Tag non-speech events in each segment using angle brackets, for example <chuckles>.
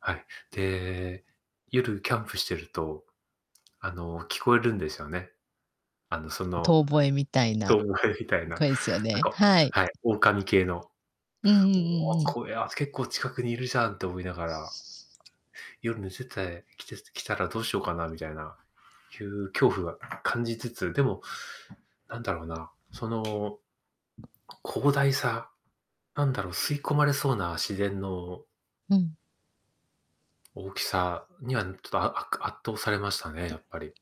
はい、で、夜キャンプしてると、あの、聞こえるんですよね。あの、その、遠吠えみたいな遠吠えみたいな、な声ですよんね、かはい。はい、狼系の。うんうんおうんお、うん。これは、す結構近くにいるじゃんって思いながら。夜寝ててきてきたらどうしようかなみたいな、いう恐怖は感じつつ、でも、なんだろうな、その広大さ、なんだろ、吸い込まれそうな自然のうん。大きさには、ん、ちょっと、ああっか圧倒されましたね、やっぱり。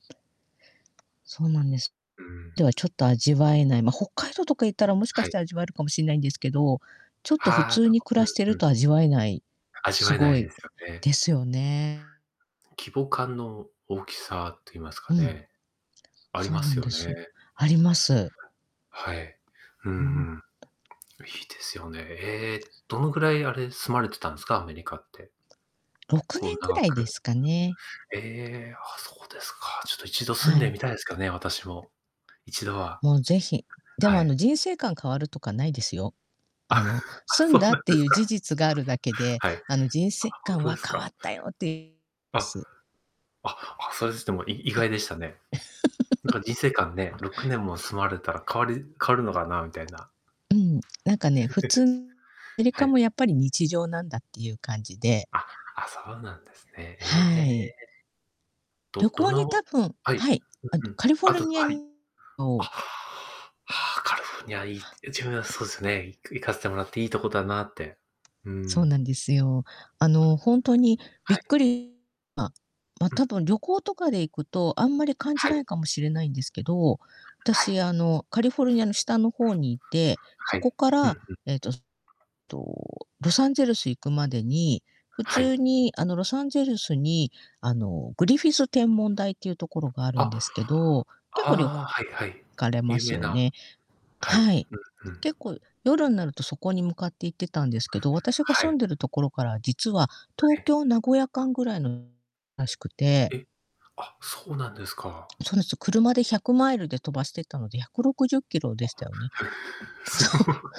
そうなんです。うん。ではちょっと味わえない。ま、北海道とか行ったらもしかはしい。て味わえるかもしんないんですけど、ちょっと普はあ、通そっにか、暮らしてうんるうん。と味わえない。味すわえなごいでいすよね。ですよね。規模感の大きさって言いますうかん。ね。ありそうまなんすよですよ。ね。あります。はい。うほんんうん。と。いいですよね。ええ、どのぐらい、あれ、住まれてたんですか？アメリカって。ろ結くね構んぐ長らいでく。すかね。ええ、あ、そうですか。ちょっと一度住んはでい。みたいですけどね、私も。一度は。もうぜひ。でも、はあい。の、人生観変わるとかないですよ。あ、あの、<laughs> あ、住んそうだっなんてでいすう事か。実があるだけで、はい。あ、あの、人生ほん観とではす変わか。ったよって <unintelligible> であ、す。あ、あ、それにしてもい意あ。外でしたね。なんか <chuckles> 人生観ね、6年も住まれたら変わり変わるのかなみたいな。うん、なんかね、普通、ア <chuckles> メリはカい。もやっぱり日常なんだっていう感じで。あ、あ、そうなんですね。えはい。え。ど旅ど行に多の分はい。はい、あの、うんうん。カリフォあルとニアはい。あ、のは、カリフォルニアいいいは。自分はそうすね、行く行かせてもらっていいとこだなって。うーそうん。なんですよ。あの、ほんとにびっはい。くり <unintelligible> なま、ま、うたん。ぶん旅行とかで行くと、あんまり感じはないい。かもしれないんですけど、はい。私、あの、カリフォルニアの下の方にいて、はそこい。かうんら、うん。ええと、そと、ロサンゼルス行くまでに、普はい。通に、あの、ロサンゼルスに、あの、グリフィス天文台っていうところがあるんあ。ですけど、結構旅行ああ、はいはい。行かれま有す名よな。ね。はい、はい。うんうん。結構夜んなるとそこに向かって行ってたんですけど、私がは住い。んでるところから実は東 <unintelligible> 京名古屋間ぐらいの <unintelligible> らしくて。え、あ、そうなんですか。そうですよ。車で100マイルで飛ばしてったので、160キロでしあ。たよね。<chuckles> そう。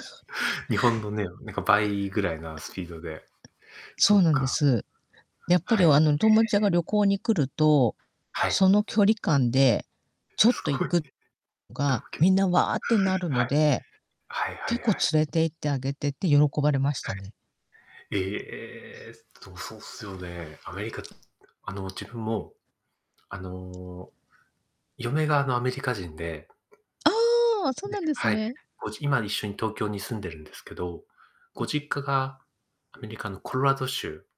そう。日本のね、なんか倍ぐらいなスピードで。そそうっなんでか。す。やっぱはり、おい。あの、友達が旅行に来ると、はい。その距離感でちょっすと行ごい。く <chuckles> のが東京。みんな、わあってなるはのい。で、はいは結い構はい。連れて行ってあげてって喜ばれましはたね。い。えっと、そうっすよね。アメリカ、あの、自分も、あの、嫁が、あの、アメリカ人で。ああ、そうなで、んですはい。ね。ごじ今一緒に東京に住んでるんですけど、うごん。実家がアメリカのコロラド州。